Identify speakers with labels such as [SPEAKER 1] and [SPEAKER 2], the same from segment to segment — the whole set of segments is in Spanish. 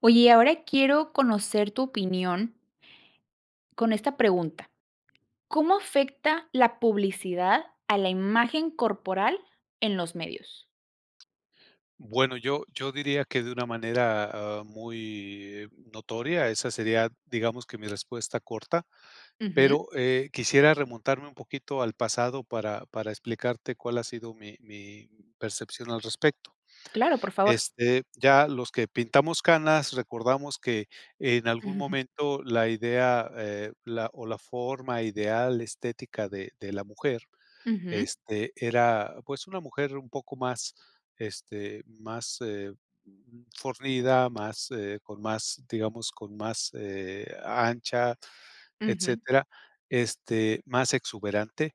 [SPEAKER 1] Oye, y ahora quiero conocer tu opinión con esta pregunta: ¿cómo afecta la publicidad a la imagen corporal en los medios?
[SPEAKER 2] Bueno, yo yo diría que de una manera, ah, muy notoria, esa sería, digamos que mi respuesta corta,
[SPEAKER 1] Ujú.
[SPEAKER 2] pero, eh, quisiera remontarme un poquito al pasado para para explicarte cuál ha sido mi mi percepción al respecto.
[SPEAKER 1] Claro, por favor.
[SPEAKER 2] Este, ya los que pintamos canas, recordamos que en algún momento la idea, eh, la o la forma ideal estética de de la mujer,
[SPEAKER 1] Ujú.
[SPEAKER 2] este, era, pues, una mujer un poco más, este, más, eh, fornida, más, eh, con más, digamos, con más, eh, ancha,
[SPEAKER 1] Ujú.
[SPEAKER 2] etcétera. Este, más exuberante,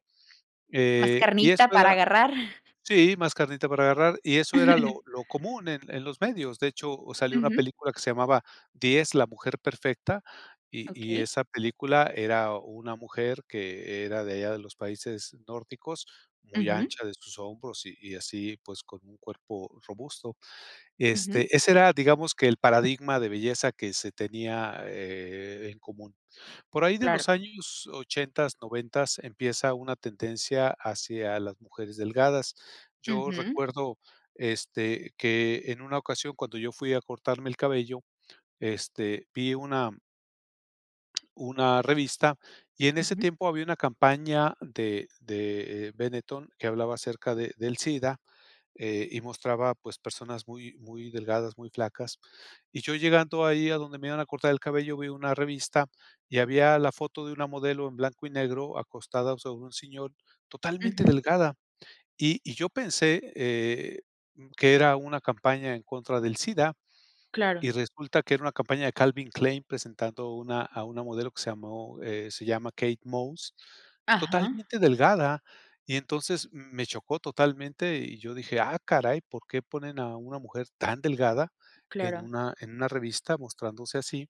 [SPEAKER 1] Más
[SPEAKER 2] eh, y
[SPEAKER 1] carnita
[SPEAKER 2] esto
[SPEAKER 1] para
[SPEAKER 2] era
[SPEAKER 1] agarrar.
[SPEAKER 2] Sí, más carnita para agarrar y eso era lo lo común en en los medios, de hecho, salió una
[SPEAKER 1] Ujú.
[SPEAKER 2] película que se llamaba 10 la mujer perfecta, y y
[SPEAKER 1] Okey.
[SPEAKER 2] esa película era una mujer, que era de allá de los países nórdicos, muy
[SPEAKER 1] Ujú.
[SPEAKER 2] ancha de sus hombros y y así pues, con un cuerpo robusto,
[SPEAKER 1] Ujú.
[SPEAKER 2] este, ese era, digamos que el paradigma de belleza que se tenía, eh, en común. Por ahí de
[SPEAKER 1] Claro.
[SPEAKER 2] los años ochentas, noventas, empieza una tendencia hacia las mujeres delgadas. Yo
[SPEAKER 1] Ujú.
[SPEAKER 2] recuerdo, este, que en una ocasión, cuando yo fui a cortarme el cabello, este, vi una Una revista y en ese
[SPEAKER 1] Ujú.
[SPEAKER 2] tiempo había una campaña de de, eh, Benetton que hablaba acerca de del SIDA, eh, y mostraba pues personas muy muy delgadas, muy flacas y yo llegando ahí a donde me iban a cortar el cabello, vi una revista y había la foto de una modelo en blanco y negro acostada sobre un sillón totalmente
[SPEAKER 1] Ujú.
[SPEAKER 2] delgada y y yo pensé, eh, que era una campaña en contra del SIDA,
[SPEAKER 1] Claro.
[SPEAKER 2] y resulta que era una campaña de Calvin Klein, presentando una a una modelo que se llamó, eh, se llama Kate Moss,
[SPEAKER 1] Ajá.
[SPEAKER 2] totalmente delgada y entonces me chocó totalmente, y yo dije: "Ah, caray, ¿por qué ponen a una mujer tan delgada, en
[SPEAKER 1] Claro.
[SPEAKER 2] una en una revista mostrándose así?",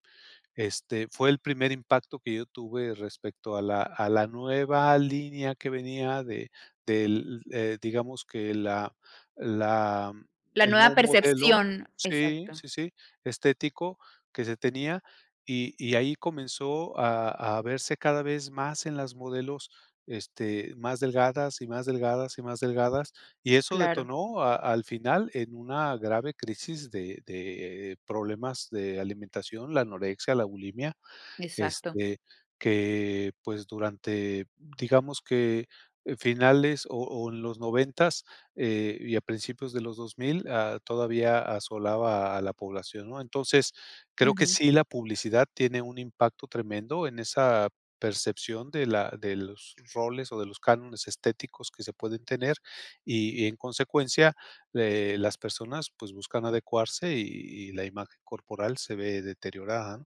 [SPEAKER 2] este, fue el primer impacto que yo tuve respecto a la a la nueva línea que venía de del, eh, digamos que la la
[SPEAKER 1] La
[SPEAKER 2] el
[SPEAKER 1] nueva
[SPEAKER 2] nuevo modelo
[SPEAKER 1] percepción,
[SPEAKER 2] sí,
[SPEAKER 1] exacto.
[SPEAKER 2] sí, sí, estético que se tenía y y ahí comenzó a a verse cada vez más en las modelos, este, más delgadas y más delgadas y más delgadas, y eso
[SPEAKER 1] Claro.
[SPEAKER 2] detonó a al final en una grave crisis de de problemas de alimentación, la anorexia, la bulimia,
[SPEAKER 1] Exacto.
[SPEAKER 2] este, que pues, durante digamos que finales o o en los noventas, eh, y a principios de los 2000, a todavía asolaba a la población, ¿no?, entonces creo que
[SPEAKER 1] Ujú.
[SPEAKER 2] sí la publicidad tiene un impacto tremendo en esa percepción de la de los roles o de los cánones estéticos que se pueden tener y y en consecuencia, eh, las personas, pues buscan adecuarse y y la imagen corporal se ve deteriorada.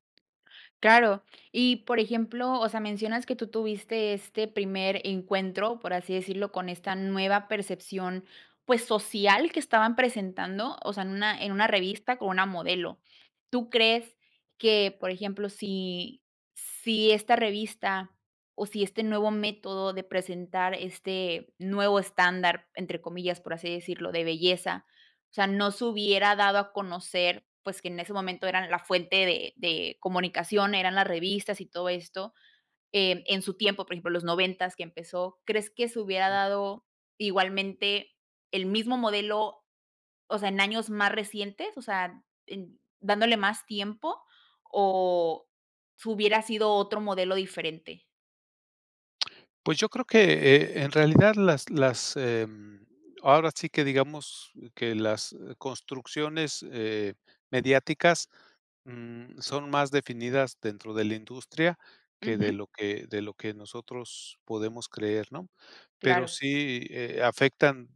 [SPEAKER 1] Claro, y por ejemplo, o sea, mencionas que tú tuviste este primer encuentro, por así decirlo, con esta nueva percepción, pues, social que estaban presentando, o sea, en una en una revista con una modelo, tú crees que, por ejemplo, si si esta revista o si este nuevo método de presentar este "nuevo estándar", entre comillas, por así decirlo, de belleza, o sea, no se hubiera dado a conocer, pues, que en ese momento eran la fuente de de comunicación eran las revistas y todo esto, eh, en su tiempo, por ejemplo, los noventas que empezó, ¿crees que se hubiera
[SPEAKER 2] Ujú.
[SPEAKER 1] dado igualmente el mismo modelo, o sea, en años más recientes?, o sea, en dándole más tiempo, ¿o si hubiera sido otro modelo diferente?
[SPEAKER 2] Pues, yo creo que, eh, en realidad las las, em, ahora sí que digamos que las construcciones, eh, mediáticas, mm, son más definidas dentro de la industria que de
[SPEAKER 1] Ujú.
[SPEAKER 2] lo que de lo que nosotros podemos creer, ¿no? Pero
[SPEAKER 1] Claro.
[SPEAKER 2] sí, eh, afectan,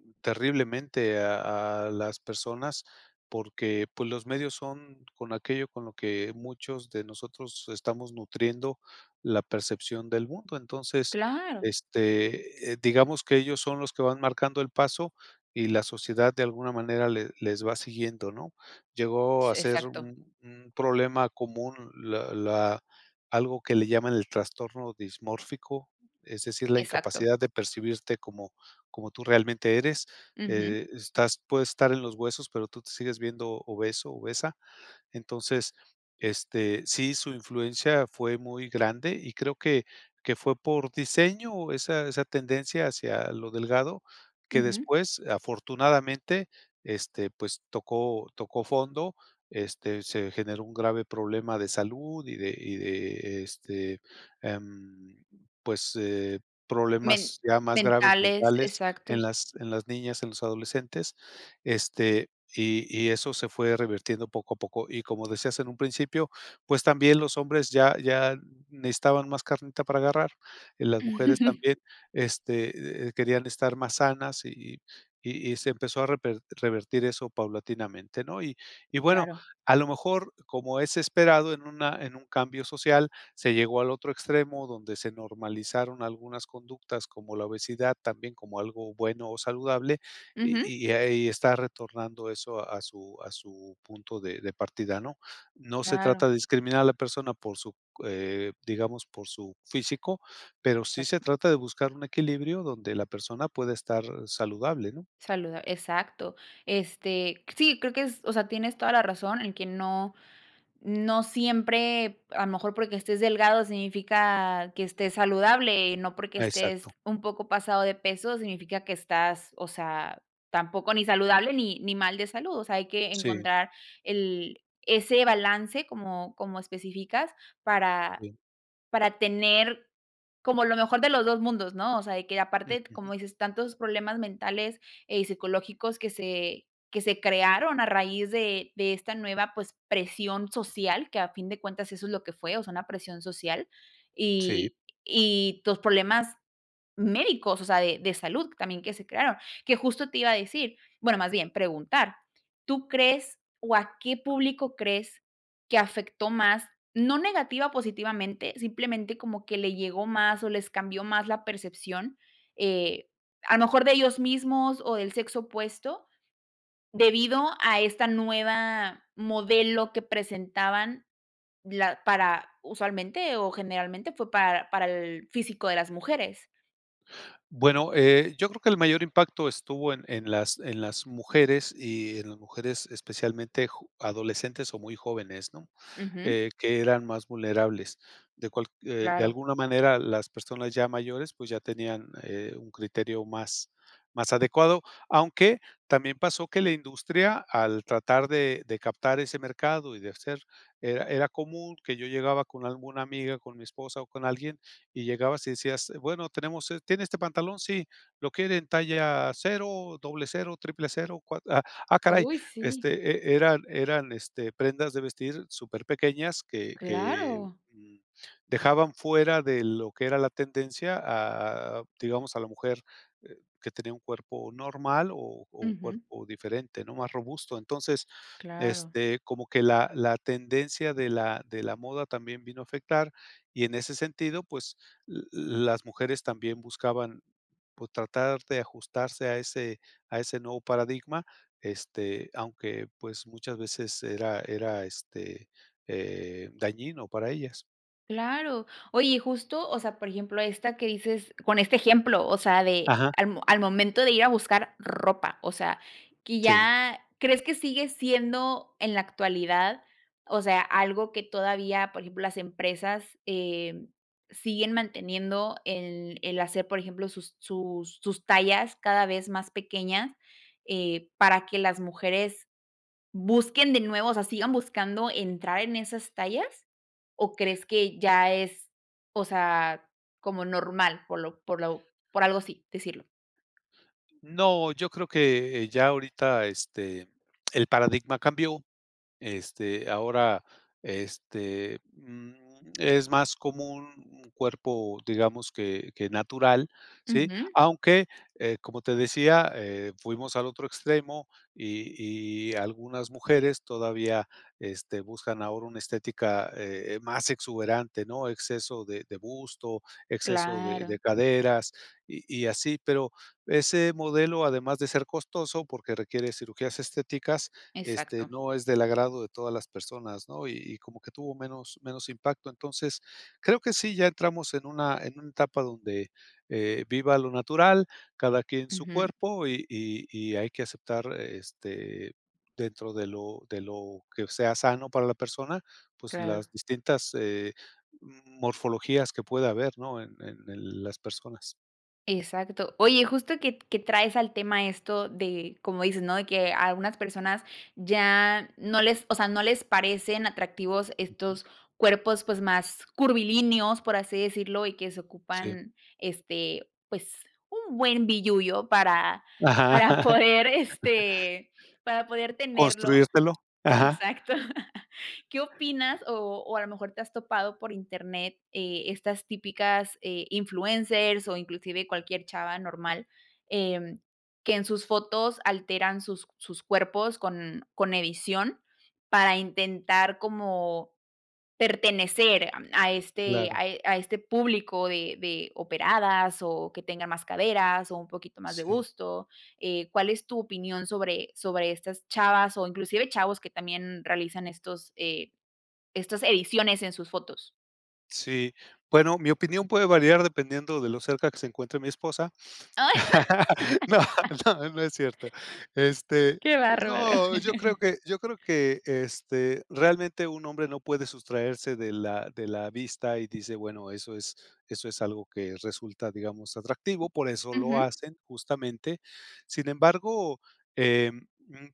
[SPEAKER 2] mm, terriblemente a a las personas porque, pues, los medios son con aquello con lo que muchos de nosotros estamos nutriendo la percepción del mundo. Entonces,
[SPEAKER 1] Claro.
[SPEAKER 2] este, eh, digamos que ellos son los que van marcando el paso y la sociedad de alguna manera le les va siguiendo, ¿no? Llegó
[SPEAKER 1] S
[SPEAKER 2] a ser
[SPEAKER 1] exacto.
[SPEAKER 2] un un problema común, la la algo que le llaman el trastorno dismórfico, es decir, la
[SPEAKER 1] Exacto.
[SPEAKER 2] incapacidad de percibirte como como tú realmente eres.
[SPEAKER 1] Ujú.
[SPEAKER 2] Eh, estás puedes estar en los huesos, pero tú te sigues viendo obeso, obesa. Entonces, este sí, su influencia fue muy grande y creo que que fue por diseño esa esa tendencia hacia lo delgado que
[SPEAKER 1] Ujú.
[SPEAKER 2] después, afortunadamente, este, pues, tocó tocó fondo, este, se generó un grave problema de salud y de y de este, em, pues, eh,
[SPEAKER 1] Men
[SPEAKER 2] problemas ya más graves,
[SPEAKER 1] mentales.
[SPEAKER 2] mentales en
[SPEAKER 1] Exactos.
[SPEAKER 2] las en las niñas, en los adolescentes. Este, y y eso se fue revirtiendo poco a poco. Y como decías en un principio, pues, también los hombres ya ya necesitaban más carnita para agarrar y las mujeres también, este, eh eh, querían estar más sanas, y y y y se empezó a reper revertir eso paulatinamente, ¿no? Y y bueno,
[SPEAKER 1] Claro.
[SPEAKER 2] a lo mejor, como es esperado en una en un cambio social, se llegó al otro extremo donde se normalizaron algunas conductas como la obesidad, también como algo bueno o saludable,
[SPEAKER 1] Ujú.
[SPEAKER 2] y y ahí está retornando eso a su a su punto de de partida, ¿no? No se
[SPEAKER 1] Claro.
[SPEAKER 2] trata de discriminar a la persona por su c eh, digamos, por su físico, pero sí se
[SPEAKER 1] Exacto.
[SPEAKER 2] trata de buscar un equilibrio, donde la persona pueda estar saludable, ¿no?
[SPEAKER 1] Saluda exacto. Este, sí, creo que es o sea, tienes toda la razón en que no no siempre a lo mejor porque estés delgado significa que estés saludable, no porque estés
[SPEAKER 2] Exacto.
[SPEAKER 1] un poco pasado de peso significa que estás, o sea, tampoco, ni saludable, ni ni mal de salud, o sea, hay que
[SPEAKER 2] Sí.
[SPEAKER 1] encontrar el ese balance como como específicas para
[SPEAKER 2] Sí.
[SPEAKER 1] para tener como lo mejor de los 2 mundos, ¿no? O sea, de que aparte,
[SPEAKER 2] Ujú.
[SPEAKER 1] como dices, tantos problemas mentales, eh, y psicológicos que se que se crearon a raíz de de esta nueva, pues, presión social que a fin de cuentas eso es lo que fue, o sea, una presión social,
[SPEAKER 2] Sí.
[SPEAKER 1] y y los problemas médicos, o sea, de de salud también que se crearon. Que justo te iba a decir, bueno, más bien preguntar, ¿tú crees, o a qué público crees que afectó más?, no negativa, positivamente, simplemente como que le llegó más, o les cambió más la percepción, eh, a lo mejor de ellos mismos o del sexo opuesto, debido a esta nueva modelo que presentaban, la para, usualmente o generalmente, fue para para el físico de las mujeres.
[SPEAKER 2] Bueno, eh, yo creo que el mayor impacto estuvo en en las en las mujeres, y en las mujeres, especialmente jo adolescentes o muy jóvenes, ¿no?,
[SPEAKER 1] Ujú.
[SPEAKER 2] eh, que eran más vulnerables, de cual eh, de
[SPEAKER 1] Claro.
[SPEAKER 2] alguna manera, las personas ya mayores, pues, ya tenían, eh, un criterio más más adecuado, aunque también pasó que la industria, al tratar de de captar ese mercado y de hacer, era era común que yo llegaba con alguna amiga, con mi esposa, o con alguien y llegabas y decías: "Bueno, tenemos es ¿tiene este pantalón?", "Sí, ¿lo quiere en talla 0, 00, 000, cua", ah ah, caray,
[SPEAKER 1] Uy, sí.
[SPEAKER 2] este, e eran eran, este, prendas de vestir superpequeñas que que,
[SPEAKER 1] Claro.
[SPEAKER 2] um, dejaban fuera de lo que era la tendencia a a a digamos a la mujer, eh, que tenía un cuerpo normal o o un
[SPEAKER 1] Ujú.
[SPEAKER 2] cuerpo diferente, ¿no?, más robusto, entonces,
[SPEAKER 1] Claro.
[SPEAKER 2] este, como que la la tendencia de la de la moda también vino a afectar y en ese sentido, pues, uh uh, las mujeres también buscaban, por tratar de ajustarse a ese a ese nuevo paradigma, este, aunque pues, muchas veces era era, este, eh, dañino para ellas.
[SPEAKER 1] Claro, oye y justo, o sea, por ejemplo, esta, que dices con este ejemplo, o sea, de
[SPEAKER 2] Ajá.
[SPEAKER 1] al m al momento de ir a buscar ropa, o sea, que
[SPEAKER 2] Sí.
[SPEAKER 1] ya, ¿crees que sigue siendo en la actualidad, o sea, algo que todavía, por ejemplo, las empresas, eh, siguen manteniendo el el hacer, por ejemplo, sus sus sus tallas cada vez más pequeñas, eh, para que las mujeres busquen de nuevo, o sea, sigan buscando entrar en esas tallas?, o, ¿crees que ya es, o sea, como normal por lo por lo por algo así decirlo?
[SPEAKER 2] No, yo creo que, eh, ya ahorita este el paradigma cambió, este, ahora, este, mm, es más como un un cuerpo, digamos que que natural. Sí,
[SPEAKER 1] Ujú.
[SPEAKER 2] aunque, eh, como te decía, eh, fuimos al otro extremo y y algunas mujeres todavía, este, buscan ahora una estética, eh eh, más exuberante, ¿no? Exceso de de busto, exceso de
[SPEAKER 1] Claro.
[SPEAKER 2] de caderas y y así. Pero, ese modelo, además de ser costoso porque, requiere cirugías estéticas, este
[SPEAKER 1] Exacto.
[SPEAKER 2] no es del agrado de todas las personas, ¿no? Y y como que tuvo menos menos impacto, entonces, creo que sí. ya entramos en una en una etapa donde, eh, viva lo natural cada quien en su
[SPEAKER 1] Ujú.
[SPEAKER 2] cuerpo y y y hay que aceptar, este, dentro de lo de lo que sea sano para la persona, pues, las
[SPEAKER 1] Claro.
[SPEAKER 2] distintas, eh, m morfologías que puede haber, ¿no? En en el las personas.
[SPEAKER 1] Exacto. Oye, justo que que traes al tema esto de como dices, ¿no?, de que a algunas personas ya no les, o sea, no les parecen atractivos
[SPEAKER 2] Ujú.
[SPEAKER 1] estos cuerpos, pues, más curvilíneos, por así decirlo, y que se
[SPEAKER 2] Sí.
[SPEAKER 1] ocupan, este, pues, un buen billullo para
[SPEAKER 2] Ajá.
[SPEAKER 1] para poder este, para poder tenerlo.
[SPEAKER 2] Construírtelo. Ajá.
[SPEAKER 1] Exacto, ¿qué opinas? O o a lo mejor te has topado por internet, eh, estas típicas, eh, influencers o inclusive cualquier chava normal, em, que en sus fotos alteran sus sus cuerpos con con edición para intentar como pertenecer a este a
[SPEAKER 2] Claro.
[SPEAKER 1] a este público de de operadas o que tengan más caderas, o un poquito más de
[SPEAKER 2] Sí.
[SPEAKER 1] busto, eh, ¿cuál es tu opinión sobre sobre estas chavas o inclusive chavos que también realizan estos, eh, estas ediciones en sus fotos?
[SPEAKER 2] Sí, bueno, mi opinión puede variar dependiendo de lo cerca que se encuentre mi esposa,
[SPEAKER 1] ¡Ah!
[SPEAKER 2] no, no, no es cierto. Este
[SPEAKER 1] ¡Qué bárbaro!
[SPEAKER 2] no, yo creo que yo creo que, este, realmente un hombre no puede sustraerse de la de la vista y dice, bueno, eso es eso es algo que resulta, digamos atractivo, por eso lo
[SPEAKER 1] Ujú.
[SPEAKER 2] hacen justamente, sin embargo, em,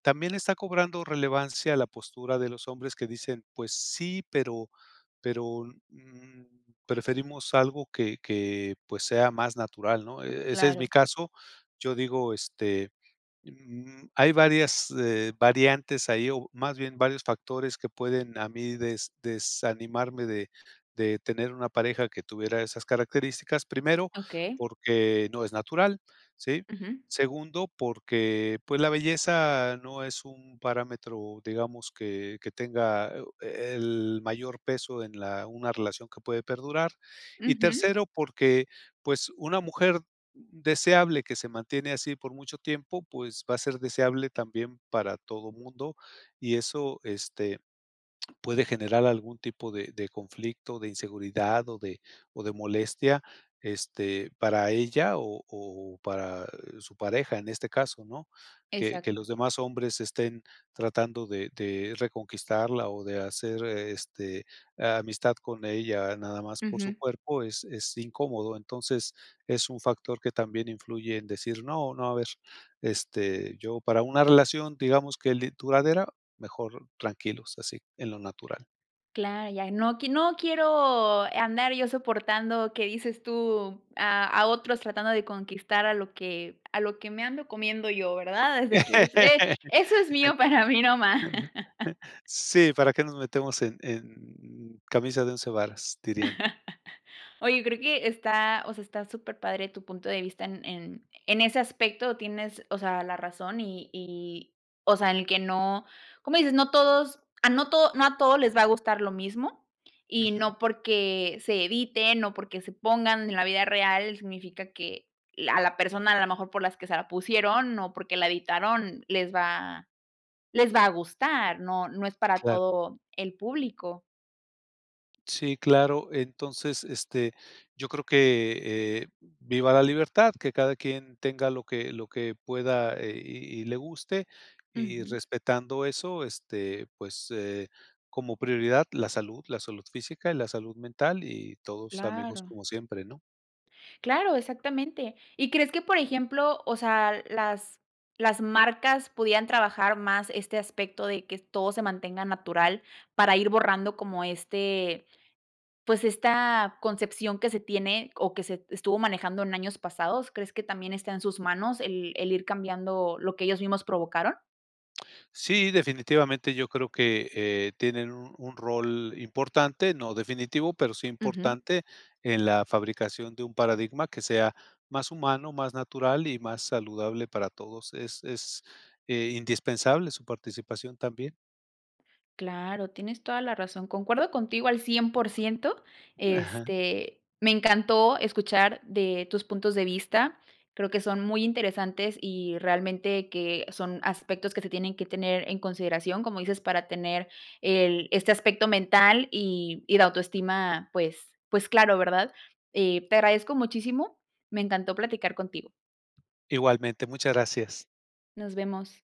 [SPEAKER 2] también está cobrando relevancia la postura de los hombres que dicen, pues sí, pero pero, mm, preferimos algo que que, pues, sea más natural, ¿no?, ese es mi
[SPEAKER 1] Claro.
[SPEAKER 2] caso, yo digo, este, mm, hay varias, eh, variantes ahí o más bien varios factores que pueden a mí des desanimarme de de tener una pareja que tuviera esas características, primero,
[SPEAKER 1] Okey.
[SPEAKER 2] porque no es natural, sí,
[SPEAKER 1] Ujú.
[SPEAKER 2] segundo, porque, pues, la belleza no es un parámetro, digamos que que tenga, eh, el mayor peso en la una relación que puede perdurar y
[SPEAKER 1] Ujú.
[SPEAKER 2] tercero, porque, pues, una mujer deseable que se mantiene así por mucho tiempo, pues, va a ser deseable también para todo mundo, y eso, este, puede generar algún tipo de de conflicto, de inseguridad o de o de molestia, este, para ella o o para su pareja, en este caso, ¿no? Que que los
[SPEAKER 1] Exacto.
[SPEAKER 2] demás hombres estén tratando de de reconquistarla o de hacer, este, amistad con ella, nada más por su
[SPEAKER 1] Ujú.
[SPEAKER 2] cuerpo es es incómodo, entonces es un factor que también influye en decir no no a ver, este, yo para una relación, digamos que l duradera mejor tranquilos así en lo natural.
[SPEAKER 1] Claro, ya no q no quiero andar yo soportando que dices tú a a otros tratando de conquistar a lo que a lo que me ando comiendo yo, ¿verdad?, desde que es eh, eso es mío, para mí, nomás.
[SPEAKER 2] Sí, ¿para qué nos metemos en en camisa de 11, varas?, dirían.
[SPEAKER 1] Oye, yo creo que está, o sea, está superpadre tu punto de vista, en en en ese aspecto tienes, o sea, la razón y y, o sea, en que no, como dices, no todos, ah, no todo no a todos les va a gustar lo mismo y
[SPEAKER 2] Ujú.
[SPEAKER 1] no porque se eviten o porque se pongan en la vida real significa que la a la persona a lo mejor por las que se la pusieron, o porque la editaron, les va les va a gustar, ¿no? No es para
[SPEAKER 2] Claro.
[SPEAKER 1] todo el público.
[SPEAKER 2] Sí, claro, entonces, este, yo creo que, eh, viva la libertad, que cada quien tenga lo que lo que pueda, eh, y y le guste y,
[SPEAKER 1] Ujú.
[SPEAKER 2] respetando eso, este, pues, eh, como prioridad la salud la salud física y la salud mental y todos amigos,
[SPEAKER 1] Claro.
[SPEAKER 2] como siempre, ¿no?
[SPEAKER 1] Claro, exactamente, ¿y crees que, por ejemplo, o sea, las las marcas podían trabajar más este aspecto de que todo se mantenga natural, para ir borrando como, este, pues esta concepción que se tiene, o que se estuvo manejando en años pasados? ¿Crees que también está en sus manos el el ir cambiando lo que ellos mismos provocaron?
[SPEAKER 2] Sí, definitivamente, yo creo que, eh, tienen un un rol importante, no definitivo, pero sí
[SPEAKER 1] Ujú.
[SPEAKER 2] importante en la fabricación de un paradigma que sea más humano, más natural y más saludable para todos. Es es, eh, indispensable su participación también.
[SPEAKER 1] Claro, tienes toda la razón. Concuerdo contigo al 100%,
[SPEAKER 2] Ajá.
[SPEAKER 1] este, me encantó escuchar de tus puntos de vista. Creo que son muy interesantes y realmente, que son aspectos que se tienen que tener en consideración, como dices, para tener el este aspecto mental y y la autoestima. Pues pues claro, ¿verdad? Eh, te agradezco muchísimo, me encantó platicar contigo.
[SPEAKER 2] Igualmente, muchas gracias.
[SPEAKER 1] Nos vemos.